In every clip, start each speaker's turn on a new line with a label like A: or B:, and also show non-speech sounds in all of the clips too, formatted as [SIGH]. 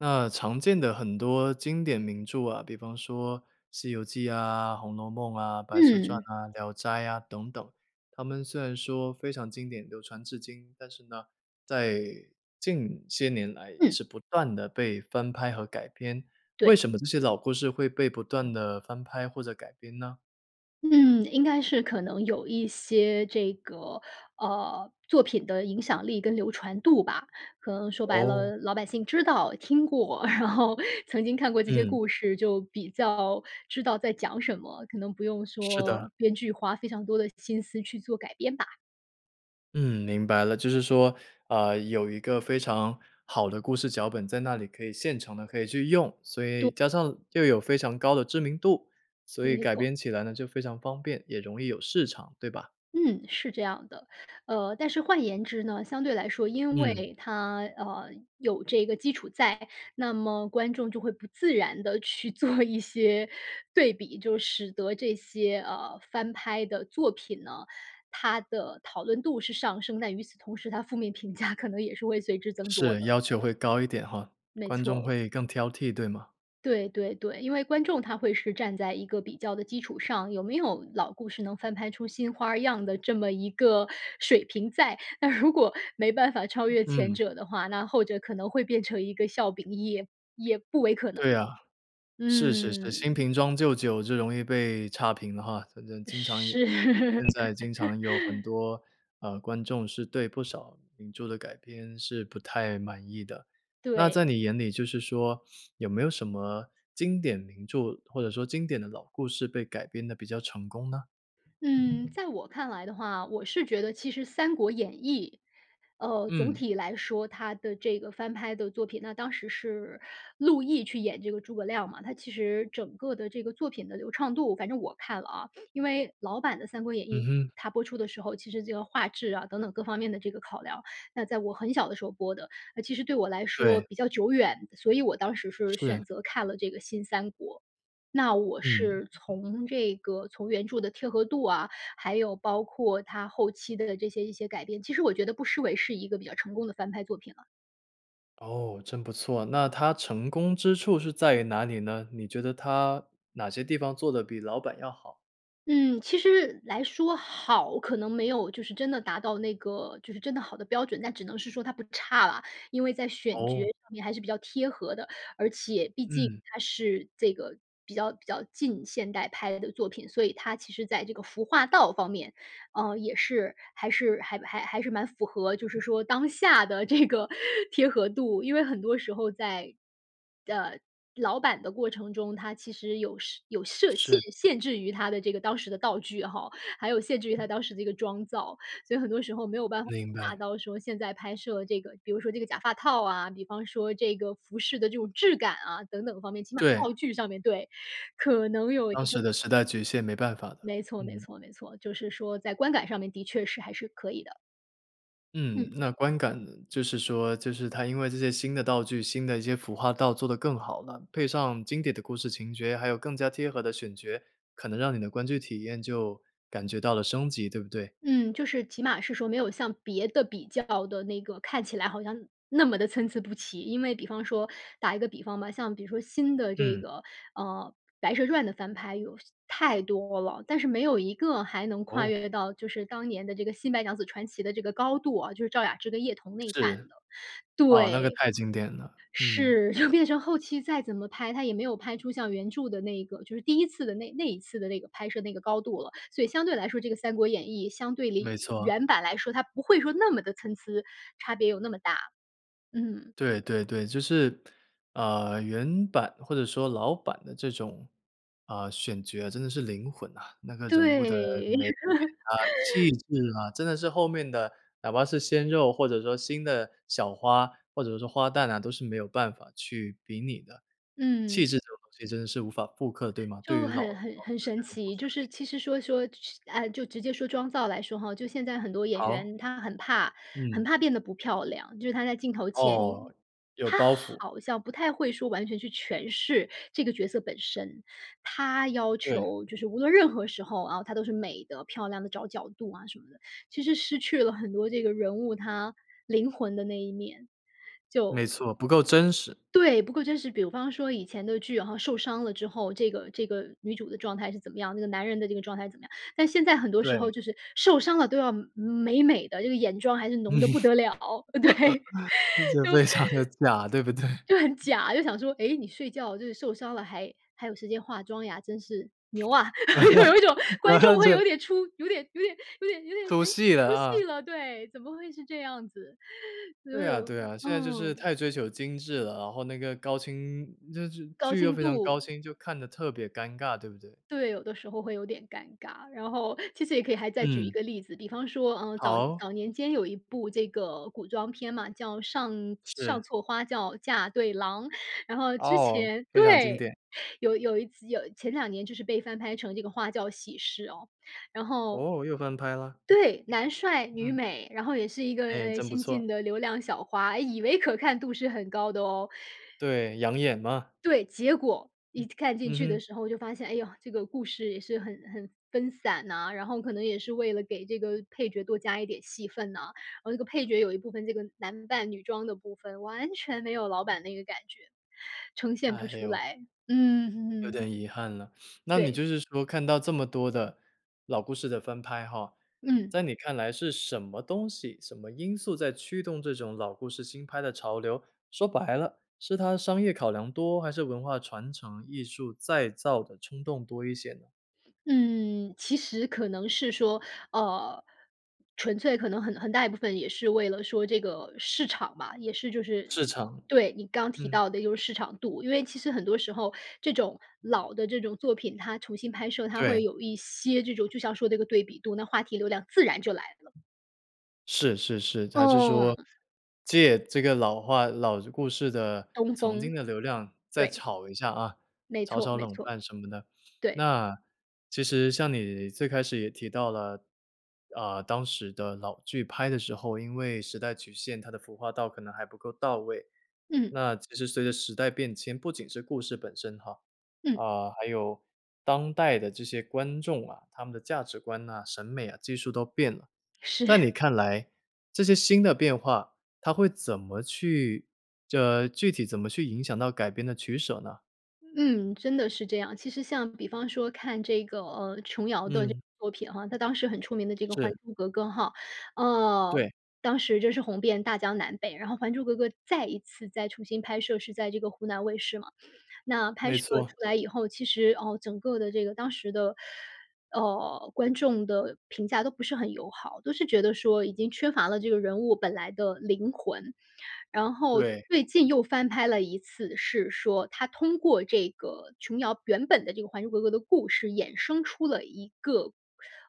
A: 那常见的很多经典名著啊，比方说《西游记》啊、《红楼梦》啊，《白蛇传》
B: 嗯。
A: 啊，《聊斋》啊等等，他们虽然说非常经典，流传至今。但是呢，在近些年来也
B: 嗯。
A: 是不断地被翻拍和改编，为
B: 对。
A: 什么这些老故事会被不断地翻拍或者改编呢？
B: 嗯，应该是可能有一些这个，呃，作品的影响力跟流传度吧。可能说白
A: 哦。
B: 了，老百姓知道、听过，[CHUCKLES] 然后曾经看过这些
A: 嗯。
B: 故事，就比较知道在讲什么，可能不用
A: 是的。
B: 说编剧花非常多的心思去做改编吧。
A: 嗯，明白了。就是说，呃，有一个非常好的故事脚本在那里，可以现成的可以去用，所
B: 对。
A: 以加上又有非常高的知名度，所以
B: 没
A: 改
B: 错。
A: 编起来呢，就非常方便，也容易有市场，对吧？
B: 嗯，是这样的。呃，但是换言之呢，相对来说，因
A: 嗯。
B: 为它，呃，有这个基础在，那么观众就会不自然地去做一些对比。就使得这些，呃，翻拍的作品呢，它的讨论度是上升，但与此同时，它负面评价可能也是会随之增多
A: 是，
B: 的。
A: 要求会高一点哈，
B: 没
A: 观众
B: 错。
A: 会更挑剔对吗？
B: 对对对，因为观众他会是站在一个比较的基础上，有没有老故事能翻拍出新花样的这么一个水平在。那如果没办法超越前
A: 嗯。
B: 者的话，那后者可能会变成一个笑柄，也也不为可能
A: 对
B: 了。
A: 啊。是是是，新
B: 嗯。
A: 瓶装旧酒就容易被差评了哈。反正经常
B: 是。
A: 因现在经常有很
B: [LAUGHS]
A: 多，呃，观众是对不少名著的改编是不太满意的。那在
B: 对。
A: 你眼里就是说，有没有什么经典名著，或者说经典的老故事被改编得比较成功呢？
B: 嗯，在我看来的话，我是觉得其实《三国演义》。呃，总
A: 嗯。
B: 体来说，它的这个翻拍的作品那当时是陆毅去演这个诸葛亮嘛，他其实整个的这个作品的流畅度反正我看了啊，因为老版的三国演
A: 嗯
B: 义，
A: 哼。
B: 它播出的时候，其实这个画质啊等等各方面的这个考量，那在我很小的时候播的。啊，其实对我来说
A: 对。
B: 比较久远，所以我当时是
A: 是。
B: 选择看了这个新三国。那我
A: 嗯。
B: 是从这个从原著的贴合度啊，还有包括它后期的这些一些改变，其实我觉得不失为是一个比较成功的翻拍作品了。
A: 哦，真不错，那他成功之处是在于哪里呢？你觉得他哪些地方做得比老版要好？
B: 嗯，其实来说好，可能没有就是真的达到那个就是真的好的标准，但只能是说它不差啦。因为在选角
A: 哦。
B: 上面还是比较贴合的，而且毕竟
A: 嗯。
B: 它是这个比较比较近现代拍的作品。所以它其实在这个服化道方面，呃，也是还是还还还是蛮符合，就是说当下的这个贴合度。因为很多时候在呃，老版的过程中，它其实有设有设限
A: 是。
B: 限制于它的这个当时的道具哈，还有限制于它当时这个妆造。所以很多时候没有办法
A: 明
B: 达
A: 白。
B: 到说现在拍摄这个比如说这个假发套啊，比方说这个服饰的这种质感啊等等方面，起码
A: 对。
B: 道具上面对，可能有一
A: 当
B: 个
A: 时的时代局限，没办法的，
B: 没错没
A: 嗯。
B: 错没错，就是说在观感上面的确是还是可以的。
A: 嗯，
B: 嗯。
A: 那观感呢，就是说，就是它因为这些新的道具，新的一些服化道做得更好了，配上经典的故事情节，还有更加贴合的选角，可能让你的观剧体验就感觉到了升级，对不对？
B: 嗯，就是起码是说没有像别的比较的那个，看起来好像那么地参差不齐。因为比方说打一个比方吧，像比如说新的这
A: 嗯。
B: 个，呃，白蛇传的翻拍有太多了，但是没有一个还能跨
A: 哦。
B: 越到就是当年的这个《新白娘子传奇》的这个高度啊，就是赵雅芝跟叶童那版
A: 是。
B: 的，
A: 啊，那个
B: 对。
A: 太经典了，嗯。
B: 是，就变成后期再怎么拍，它也没有拍出像原著的那一个，就是第1次的那那一次的那个拍摄那个高度了，所以相对来说这个《三国演义》相对
A: 没
B: 于
A: 错。
B: 原版来说，它不会说那么地参差，差别有那么大。嗯。
A: 对对对，就是，呃，原版或者说老版的这种，呃，选角啊，真的是灵魂呐。那个人物的
B: 对。
A: 美艳啊，气
B: [LAUGHS]
A: 质啊，真的是后面的，哪怕是鲜肉，或者说新的小花，或者说花旦啊，都是没有办法去比拟的。
B: 嗯。
A: 气
B: 这
A: 质这种东西真的是无法复刻对吗？对
B: 就
A: 于老
B: 很
A: 老的
B: 很很神
A: 这种模
B: 奇，
A: 式
B: 就
A: 来
B: 是
A: 说。
B: 其实说，说是呃，就直接说装造来说哈，就现在很多演
A: 好。
B: 员她很怕很
A: 嗯。
B: 怕变得不漂亮，就是她在镜头前，
A: 哦，有包
B: 她
A: 袱。
B: 好像不太会说完全去诠释这个角色本身，她要
A: 对。
B: 求就是无论任何时候啊，她都是美的，漂亮地找角度啊什么的，其实失去了很多这个人物，她灵魂的那一面，
A: 没
B: 就
A: 错，不够真实。
B: 对，不过真是比方说以前的剧，好像受伤了之后，这个这个女主的状态是怎么样，那个男人的这个状态怎么样，但现在很多时候
A: 对。
B: 就是受伤了都要美美美的，这个眼妆还是
A: 嗯。
B: 浓得不得了，对，
A: 就觉得非常地假，对不对？
B: 就 [LAUGHS] 就很假，就想说：“诶，你睡觉就是受伤了，还还有时间化妆呀，真是，牛啊！”就有一种观众
A: [LAUGHS]
B: 会
A: 对。
B: 有点出有点有点有点有点，
A: 出
B: 哎，
A: 戏
B: 出
A: 了，
B: 戏
A: 啊。
B: 了，对，怎么会是这样子，所
A: 对啊
B: 有
A: 对啊，现在就是
B: 嗯。
A: 太追求精致了，然后那个高清就是
B: 高
A: 剧又
B: 清
A: 非常高
B: 度。
A: 清，就看得特别尴尬，对不对？
B: 对，有的时候会有点尴尬，然后，其实也可以还再举一
A: 嗯。
B: 个例子，比方说，呃，早
A: 好。
B: 早年间有一部这个古装片嘛，叫上
A: 是。
B: 《上错花轿嫁对郎》，然后之
A: 哦，
B: 前
A: 非常经
B: 对，
A: 典。
B: 有有一集有前两年就是被翻拍成这个《花轿喜事》哦。然后
A: 哦，又翻拍了？
B: 对，男帅女
A: 嗯。
B: 美，然后也是一个，
A: 哎，
B: 呃，
A: 真不
B: 新
A: 错。
B: 进的流量小花，哎，以为可看度是很高的哦。
A: 对，养眼吗？
B: 对，结果
A: 嗯。
B: 一看进
A: 嗯
B: 去的
A: 哼。
B: 时候，就发现，哎哟，这个故事也是很很分散呐，然后可能也是为了给这个配角多加一点戏份呐，然后这个配角有一部分这个男扮女装的部分，完全没有老版那个感觉，呈现不
A: 哎
B: 出
A: 呦。
B: 来。嗯
A: 有点
B: 哼。
A: 遗憾了。那你
B: 对。
A: 就是说看到这么多的老故事的翻拍哈，
B: 嗯。
A: 在你看来是什么东西、什么因素在驱动这种老故事新拍的潮流，说白了，是它商业考量多，还是文化传承、艺术再造的冲动多一些呢？
B: 嗯，其实可能是说，呃，纯粹可能很很大一部分也是为了说这个市场嘛，也是就是
A: 市场。
B: 对，你刚提
A: 嗯。
B: 到的就是市场度。因为其实很多时候这种老的这种作品，它重新拍摄它会
A: 对。
B: 有一些这种就像说这个对比度，那话题流量自然就来了。
A: 是是是。还是说，
B: 哦。
A: 借这个老话老故事的
B: 东
A: 曾经
B: 风，
A: 的流量再
B: 对。
A: 炒一下啊，
B: 没
A: 炒
B: 错，
A: 炒
B: 没
A: 冷
B: 错！
A: 饭什么的。
B: 对。
A: 那其实像你最开始也提到了，呃，当时的老剧拍的时候因为时代曲线，它的服化道可能还不够到位，
B: 嗯。
A: 那其实随着时代变迁，不仅是故事本身哈，
B: 嗯。
A: 啊，还有当代的这些观众啊，他们的价值观啊，审美啊技术都变了。在
B: 是。
A: 你看来这些新的变化，它会怎么去这具体怎么去影响到改编的取舍呢？
B: 嗯，真的是这样。其实像比方说看这个，呃琼瑶的这个
A: 嗯。
B: 作品哈，她当时很出名的这个《还
A: 是。
B: 珠格格》哈，呃，
A: 对。
B: 当时真是红遍大江南北。然后《还珠格格》再一次再重新拍摄是在这个湖南卫视嘛，那拍
A: 没
B: 摄
A: 错。
B: 出来以后，其实，哦，整个的这个当时的，呃，观众的评价都不是很友好，都是觉得说已经缺乏了这个人物本来的灵魂。然后
A: 对。
B: 最近又翻拍了一次，是说它通过这个琼瑶原本的这个《还珠格格》的故事，衍生出了一个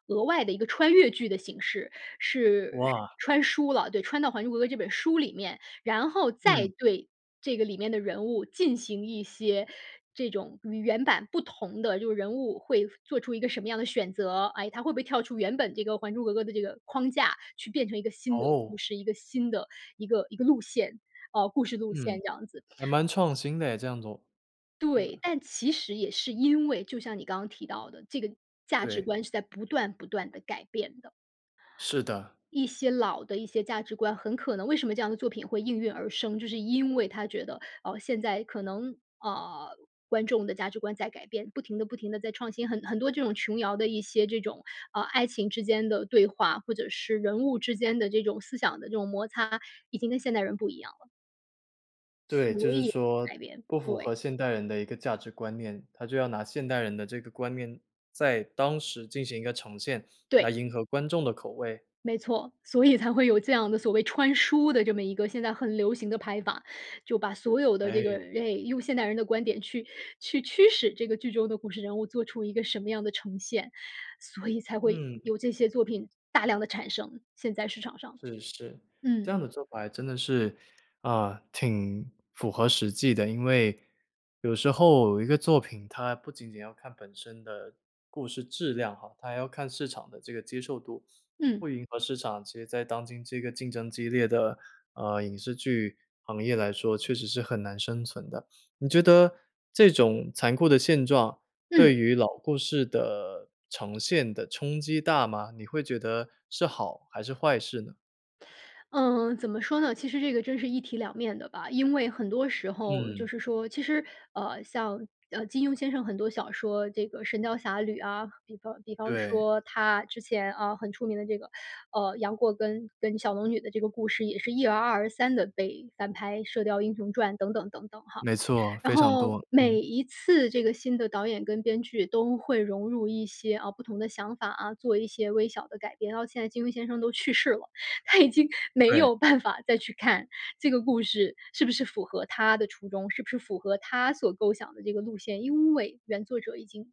B: 额外的一个穿越剧的形式，是
A: 哇！
B: 穿书了对，穿到《还珠格格》这本书里面，然后再
A: 嗯。
B: 对这个里面的人物进行一些这种与原版不同的就是人物会做出一个什么样的选择，哎，它会不会跳出原本这个《还珠格格》的这个框架，去变成一个新的
A: 哦！
B: 故事，一个新的一个一个路线，呃，故事路
A: 嗯，
B: 线这样子。
A: 还蛮创新的耶，这样做！对吧？
B: 对，但其实也是因为就像你刚刚提到的，这个价值
A: 对。
B: 观是在不断不断地改变的。
A: 是的。
B: 一些老的一些价值观，很可能为什么这样的作品会应运而生，就是因为它觉得，哦，现在可能，呃，观众的价值观在改变，不停的不停的在创新，很很多这种琼瑶的一些这种，呃，爱情之间的对话，或者是人物之间的这种思想的这种摩擦已经跟现代人不一样了。
A: 对，就
B: 所
A: 是
B: 以
A: 说
B: 改编，
A: 不符
B: 对。
A: 合现代人的一个价值观念。他就要拿现代人的这个观念，在当时进行一个呈现，
B: 对。
A: 来迎合观众的口味。
B: 没错，所以才会有这样的，所谓“穿书”的这么一个现在很流行的拍法。就把所有的这个
A: 唉。
B: 哎，用现代人的观点，去去驱使这个剧中的故事人物做出一个什么样的呈现，所以才会
A: 嗯。
B: 有这些作品大量地产生，现在市场上。
A: 是是，这
B: 嗯。
A: 样的做法真的是啊，挺符合实际的。因为有时候一个作品，它不仅仅要看本身的故事质量哈，它还要看市场的这个接受度。不
B: 嗯。
A: 迎合市场其实在当今这个竞争激烈的呃，影视剧行业来说，确实是很难生存的。你觉得这种残酷的现状，
B: 嗯。
A: 对于老故事的呈现的冲击大吗？你会觉得是好、还是坏事呢？
B: 嗯，怎么说呢？其实这个真是一体两面的吧。因为很多时候，就
A: 嗯。
B: 是说其实呃，像呃，金庸先生很多小说，这个《神雕侠侣》啊，比方比方
A: 对。
B: 说，他之前啊，很出名的这个呃，杨过跟跟小龙女的这个故事，也是一而再、再而三地被翻拍，《射雕英雄传》等等等等哈。
A: 没错，
B: 然
A: 非常
B: 后，
A: 多，
B: 每
A: 嗯。
B: 一次这个新的导演跟编剧都会融入一些啊，不同的想法啊，做一些微小的改变。然后现在金庸先生都去世了，他已经没
A: 对。
B: 有办法再去看这个故事是不是符合他的初衷，是不是符合他所构想的这个路线，因为原作者已经不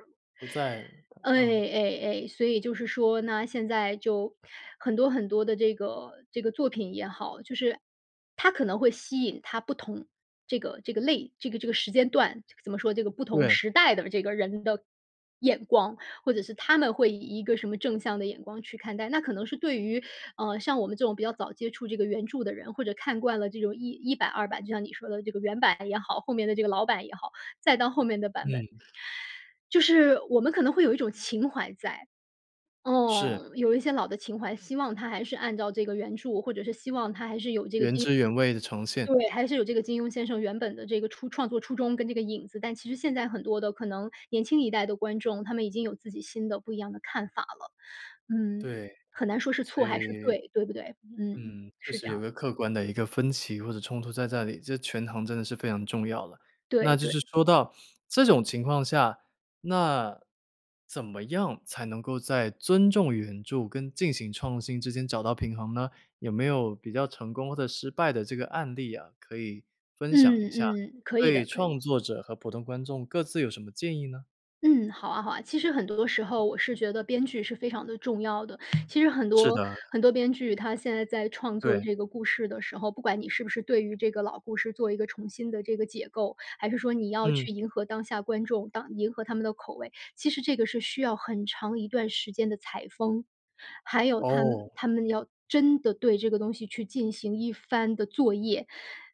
B: 在世了。
A: 不在了。对，
B: 哎哎
A: 嗯。
B: 哎哎。所以就是说呢，现在就很多很多的这个这个作品也好，就是它可能会吸引它不同这个这个类这个这个时间段。怎么说，这个不同
A: 对。
B: 时代的这个人的眼光。或者是他们会以一个什么正向的眼光去看待。那可能是对于呃，像我们这种比较早接触这个原著的人，或者看惯了这种一一版二版，就像你说的这个原版也好，后面的这个老版也好，再到后面的版本。
A: 嗯。
B: 就是我们可能会有一种情怀在。
A: 是。
B: 哦，有一些老的情怀，希望它还是按照这个原著，或者是希望它还是有这个
A: 原
B: 低
A: 汁原味地呈现。
B: 对，还是有这个金庸先生原本的这个初创作初衷，跟这个影子，但其实现在很多的可能年轻一代的观众，他们已经有自己新的不一样的看法了。嗯，
A: 对，
B: 很难说是
A: 所
B: 错还是
A: 以
B: 对，对不对？嗯，
A: 嗯，确
B: 是这
A: 实
B: 样
A: 有
B: 的。
A: 个客观的一个分歧或者冲突在这里，这权衡真的是非常重要的。
B: 对
A: 那就
B: 对。
A: 是说到这种情况下，那怎么样才能够在尊重原著跟进行创新之间找到平衡呢？有没有比较成功或者失败的这个案例啊，可以分享一
B: 嗯
A: 下。
B: 嗯。可以的，
A: 对
B: 可以。
A: 创作者和普通观众各自有什么建议呢？
B: 嗯，好啊好啊，其实很多的时候，我是觉得编剧是非常的重要的。其实很
A: 是
B: 多
A: 的。
B: 很多编剧，他现在在创作
A: 对。
B: 这个故事的时候，不管你是不是对于这个老故事做一个重新的这个解构，还是说你要
A: 嗯。
B: 去迎合当下观众，当迎合他们的口味，其实这个是需要很长一段时间的采风。还有他们
A: 哦。
B: 他们要真的对这个东西去进行一番的作业，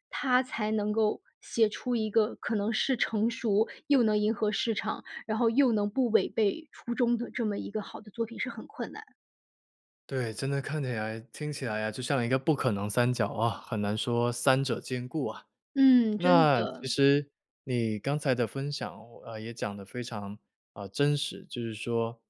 B: 他才能够写出一个可能是成熟又能迎合市场，然后又能不违背初衷的这么一个好的作品，是很困难。
A: 对，真的看起来听起来啊，就像一个不可能三角啊，很难说三者兼顾啊。
B: 嗯，真
A: 那其
B: 的。
A: 实你刚才的分享呃，也讲得非常呃，真实，就是说会担心，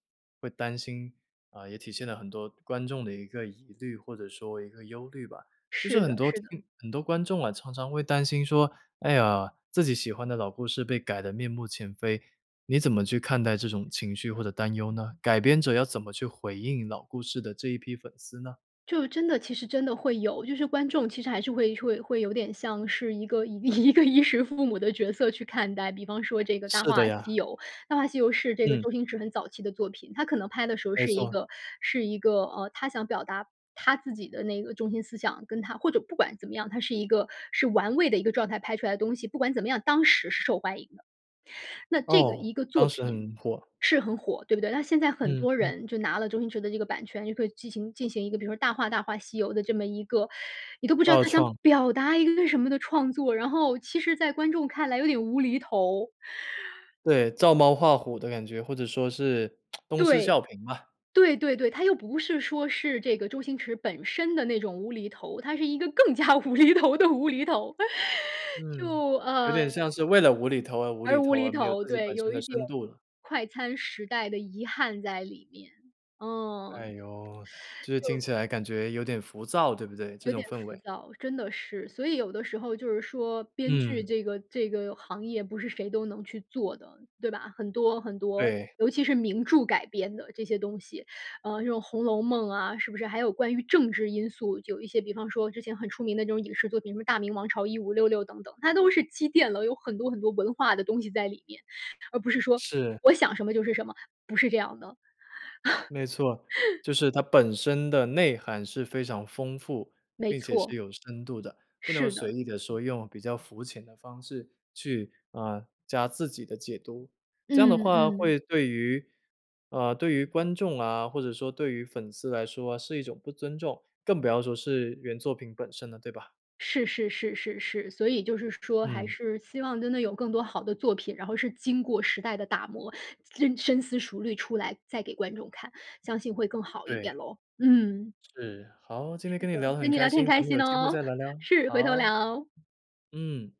A: 啊，也体现了很多观众的一个疑虑，或者说一个忧虑吧，就是
B: 是的
A: 很多
B: 是的。
A: 听很多观众啊，常常会担心说，哎呀，自己喜欢的老故事被改得面目全非。你怎么去看待这种情绪或者担忧呢？改编者要怎么去回应老故事的这一批粉丝呢？
B: 就真的其实真的会有，就是观众其实还是会会会有点像是一个一一个衣食父母的角色去看待，比方说这个《大
A: 是的
B: 话西
A: 呀！
B: 游》，《大话西游》是这个
A: 嗯。
B: 周星驰很早期的作品，他可能拍的时候
A: 没
B: 是一
A: 错。
B: 个是一个呃，他想表达他自己的那个中心思想，跟他或者不管怎么样，他是一个是玩味的一个状态拍出来的东西，不管怎么样，当时是受欢迎的。那这个
A: 噢，
B: 一个作
A: 当时
B: 品，
A: 很火。
B: 是很火，对不对？那现在很
A: 嗯
B: 多
A: 嗯。
B: 人就拿了周星驰的这个版权，就可以进行进行一个比如说《大话大话西游》的这么一个你都不知道
A: 二
B: 它想
A: 创。
B: 表达一个为什么的创作，然后，其实在观众看来有点无厘头。
A: 对，照猫画虎的感觉，或者说是 [TSK] 东施效
B: 对，
A: 颦吧。
B: 对对对，它又不是说是这个周星驰本身的那种无厘头，它是一个更加无厘头的无厘头。就
A: 嗯，有点
B: 呃
A: 像是为了无厘头而无厘
B: 而无
A: 头
B: 厘
A: 而没有
B: 头
A: 自己
B: 对，
A: 本身
B: 有
A: 的
B: 一点，
A: 深度了。
B: 快餐时代的遗憾在里面，嗯。
A: 哎哟，就是听
B: 就
A: 起来感觉有点浮躁对不对？这
B: 有
A: 种
B: 点
A: 氛
B: 浮
A: 围。
B: 躁，真的是，所以有的时候就是说，编剧
A: 嗯。
B: 这个这个行业不是谁都能去做的，对吧？很多很多，
A: 对。
B: 尤其是名著改编的这些东西，呃，这种《红楼梦》啊，是不是还有关于政治因素，有一些比方说之前很出名的这种影视作品，什么《大明王朝一五六六》等等，它都是积淀了，有很多很多文化的东西在里面，而不是说
A: 是。
B: 我想什么就是什么，不是这样的。
A: 没错，
B: [LAUGHS]
A: 就是它本身的内涵是非常丰富，
B: 没
A: 并且是
B: 错。
A: 有深度的，不能
B: 是
A: 随
B: 的。
A: 意地说用比较肤浅的方式去，呃，加自己的解读。这样
B: 嗯，
A: 的话
B: 嗯。
A: 会对于呃，对于观众啊，或者说对于粉丝来说是一种不尊重，更不要说是原作品本身的，对吧？
B: 是是是是是，所以就是说还
A: 嗯。
B: 是希望真的有更多好的作品，然后是经过时代的打磨，真深思熟虑出来再给观众看，相信会更好一
A: 对。
B: 点咯，嗯。
A: 是，好，今天
B: 是
A: 跟你聊
B: 的，
A: 得很
B: 跟你
A: 开
B: 聊天很
A: 心，咱
B: 开
A: 们有
B: 心
A: 机会
B: 哦！
A: 再聊聊，
B: 是，回头
A: 好。
B: 聊。
A: 嗯。